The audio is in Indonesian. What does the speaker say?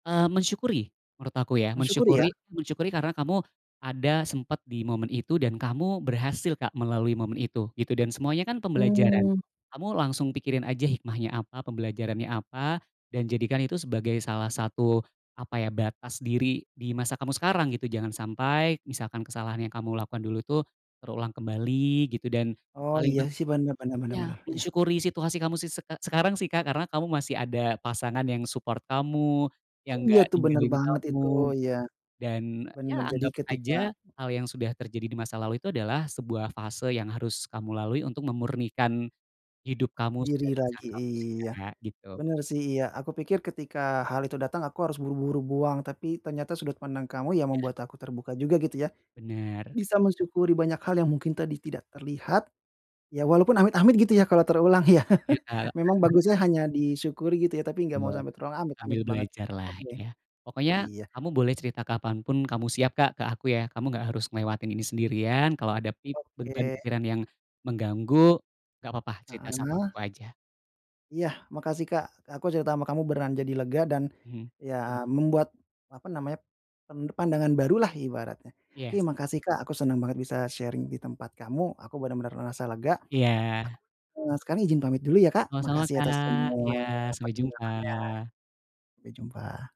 Eee, mensyukuri, menurut aku ya. Mensyukuri ya? Mensyukuri mensyukuri karena kamu ada sempet di momen itu dan kamu berhasil Kak melalui momen itu gitu, dan semuanya kan pembelajaran. Mhm. Kamu langsung pikirin aja hikmahnya apa, pembelajarannya apa dan jadikan itu sebagai salah satu, apa ya, batas diri di masa kamu sekarang gitu. Jangan sampai misalkan kesalahan yang kamu lakukan dulu tuh terulang kembali gitu dan Oh paling iya pen sih benar, bener benar iya, benar, iya. mensyukuri situasi kamu sise sekarang sih Kak, karena kamu masih ada pasangan yang support kamu, yang Iya nggak tuh, benar ninggalin banget itu, kamu. iya. Dan, ya Benar, jadi anggap ketika aja hal yang sudah terjadi di masa lalu itu adalah sebuah fase yang harus kamu lalui untuk memurnikan hidup kamu Diri dan pasangan lagi, kamu sih iya. Kak, gitu. Benar sih, iya. Aku pikir ketika hal itu datang aku harus buru-buru buang, tapi ternyata sudut pandang kamu ya Iya. membuat aku terbuka juga gitu ya. Benar. Bisa mensyukuri banyak hal yang mungkin tadi tidak terlihat, ya walaupun amit-amit gitu ya kalau terulang ya. Iya Kak. Memang bagusnya hanya di syukuri gitu ya, tapi nggak Iya, mau sampai terulang, amit-amit sambil banget. belajar lah, Oke. ya. Pokoknya Iya. kamu boleh cerita kapan pun kamu siap Kak ke aku ya, kamu nggak harus ngelewatin ini sendirian, kalau ada pip beban Oke. pikiran yang mengganggu, nggak apa-apa cerita sama Heeh. aku aja. Iya. Makasih Kak. Aku cerita sama kamu beneran jadi lega dan Mhm. ya membuat, apa namanya, pen pandangan baru lah ibaratnya. Oke, Yes. makasih Kak aku senang banget bisa sharing di tempat kamu, aku benar-benar merasa lega. Ak Iya. sekarang izin pamit dulu ya, Kak. Sama-sama Makasih atas Kak. semua Iya, sampai penjelasannya, jumpa. sampai jumpa.